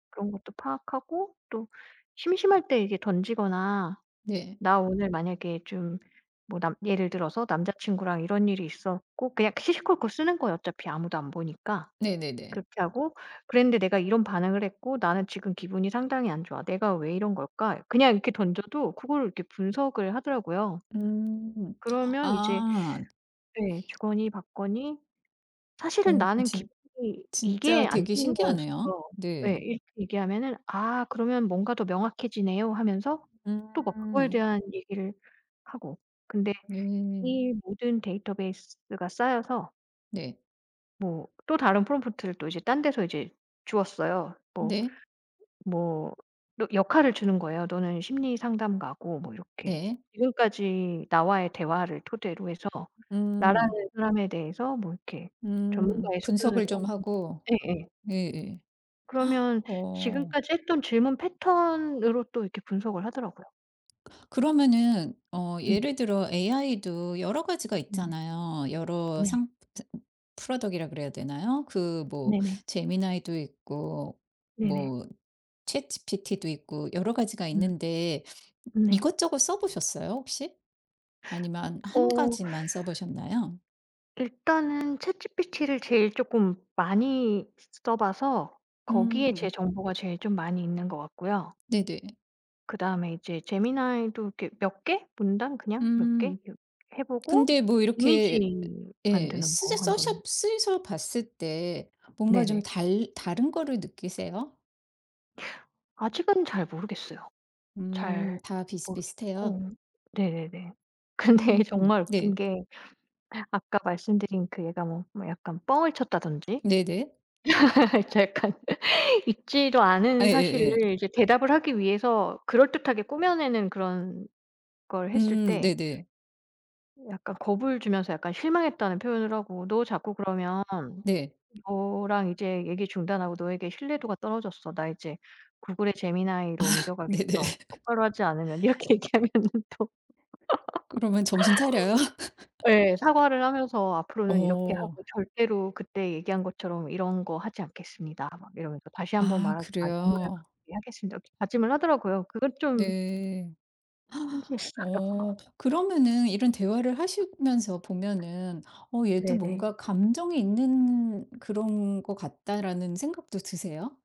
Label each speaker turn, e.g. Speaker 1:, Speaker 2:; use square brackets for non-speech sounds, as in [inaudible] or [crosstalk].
Speaker 1: 그런 것도 파악하고 또 심심할 때 이렇게 던지거나
Speaker 2: 네.
Speaker 1: "나 오늘 만약에 좀 뭐 남" 예를 들어서 "남자친구랑 이런 일이 있었고" 그냥 시시콜콜 쓰는 거예요. 어차피 아무도 안 보니까.
Speaker 2: 네네네.
Speaker 1: 그렇게 하고 "그랬는데 내가 이런 반응을 했고 나는 지금 기분이 상당히 안 좋아. 내가 왜 이런 걸까?" 그냥 이렇게 던져도 그걸 이렇게 분석을 하더라고요.
Speaker 2: 음.
Speaker 1: 그러면 이제
Speaker 2: 아.
Speaker 1: 네 주거니 받거니 "사실은
Speaker 2: 어
Speaker 1: 나는
Speaker 2: 진
Speaker 1: 기분이
Speaker 2: 진짜
Speaker 1: 이게 안
Speaker 2: 되게
Speaker 1: 좋은
Speaker 2: 신기하네요.
Speaker 1: 거였어." 예
Speaker 2: 네.
Speaker 1: 이렇게 얘기하면은 "아 그러면 뭔가 더 명확해지네요." 하면서 또 막 그거에
Speaker 2: 음.
Speaker 1: 대한 얘기를 하고. 근데
Speaker 2: 네.
Speaker 1: 이 모든 데이터베이스가 쌓여서
Speaker 2: 네.
Speaker 1: 뭐 또 다른 프롬프트를 또 이제 딴 데서 이제 줬어요. 뭐
Speaker 2: 네.
Speaker 1: 뭐 너 역할을 주는 거예요. "너는 심리상담가고" 뭐 이렇게.
Speaker 2: 네.
Speaker 1: "지금까지 나와의 대화를 토대로 해서 나라는
Speaker 2: 음.
Speaker 1: 사람에 대해서 뭐 이렇게
Speaker 2: 음.
Speaker 1: 전문가의
Speaker 2: 분석을
Speaker 1: 소견으로"
Speaker 2: 좀 하고.
Speaker 1: 예예.
Speaker 2: 예예.
Speaker 1: 그러면
Speaker 2: [gasps] 어.
Speaker 1: 지금까지 했던 질문 패턴으로 또 이렇게 분석을 하더라고요.
Speaker 2: 그러면은 어
Speaker 1: 음.
Speaker 2: 예를 들어 AI도 여러 가지가
Speaker 1: 네.
Speaker 2: 있잖아요. 여러
Speaker 1: 네.
Speaker 2: 상 상 product이라고 그래야 되나요? 그 뭐
Speaker 1: 네네.
Speaker 2: 제미나이도 있고
Speaker 1: 네네.
Speaker 2: 뭐 ChatGPT도 있고 여러 가지가
Speaker 1: 음.
Speaker 2: 있는데
Speaker 1: 네.
Speaker 2: 이것저것 써 보셨어요, 혹시? 아니면 1
Speaker 1: 어.
Speaker 2: 가지만 써 보셨나요?
Speaker 1: 일단은 ChatGPT를 제일 쪼끔 많이 써 봐서 거기에 제
Speaker 2: 음.
Speaker 1: 정보가 제일 좀 많이 있는 것 같고요.
Speaker 2: 네네.
Speaker 1: 그다음에 이제 Gemini도 이렇게 몇 개 문단 그냥 몇 개
Speaker 2: 음.
Speaker 1: 요 해 보고
Speaker 2: 근데 뭐
Speaker 1: 이미지
Speaker 2: 이렇게 예 예
Speaker 1: 만드는 거
Speaker 2: 쓰셔
Speaker 1: 1
Speaker 2: 써셔
Speaker 1: 번
Speaker 2: 쓰셔 봤을 때 뭔가 좀
Speaker 1: 네네.
Speaker 2: 달 다른 거를 느끼세요?
Speaker 1: 아직은 잘 모르겠어요.
Speaker 2: 음
Speaker 1: 잘
Speaker 2: 다 비슷비슷해요?
Speaker 1: 모르겠고 네네네.
Speaker 2: 음
Speaker 1: 근데 정말 웃긴
Speaker 2: 네.
Speaker 1: 게 아까 말씀드린 그 얘가 뭐 약간 뻥을 쳤다든지
Speaker 2: 네네.
Speaker 1: [laughs] 이제 약간 있지도 않은
Speaker 2: 예예예.
Speaker 1: 사실을 이제 대답을 하기 위해서 그럴듯하게 꾸며내는 그런 걸 했을
Speaker 2: 음
Speaker 1: 때
Speaker 2: 네네.
Speaker 1: 약간 겁을 주면서 약간 실망했다는 표현을 하고 "너 자꾸 그러면
Speaker 2: 네.
Speaker 1: 너랑 이제 얘기 중단하고 너에게 신뢰도가 떨어졌어. 나 이제 구글의
Speaker 2: 아
Speaker 1: 제미나이로
Speaker 2: 네네.
Speaker 1: 옮겨가겠어, 똑바로 하지 않으면." 이렇게 얘기하면은 또
Speaker 2: 그러면 정신차려요?
Speaker 1: [laughs] 예 사과를 하면서
Speaker 2: [laughs]
Speaker 1: "앞으로는 이렇게
Speaker 2: 어.
Speaker 1: 하고 절대로 그때 얘기한 것처럼 이런 거 하지 않겠습니다." 막 이러면서 "다시 1 번
Speaker 2: 아
Speaker 1: 말하지만 정말
Speaker 2: 그래요?
Speaker 1: 그렇게 하겠습니다." 다짐을 하더라고요. 그것 좀
Speaker 2: 네. [gasps]
Speaker 1: 신기했어요.
Speaker 2: 어. 그러면은 이런 대화를 하시면서 보면은 '어 얘도
Speaker 1: 네네.
Speaker 2: 뭔가 감정이 있는 그런 것 같다.'라는 생각도 드세요?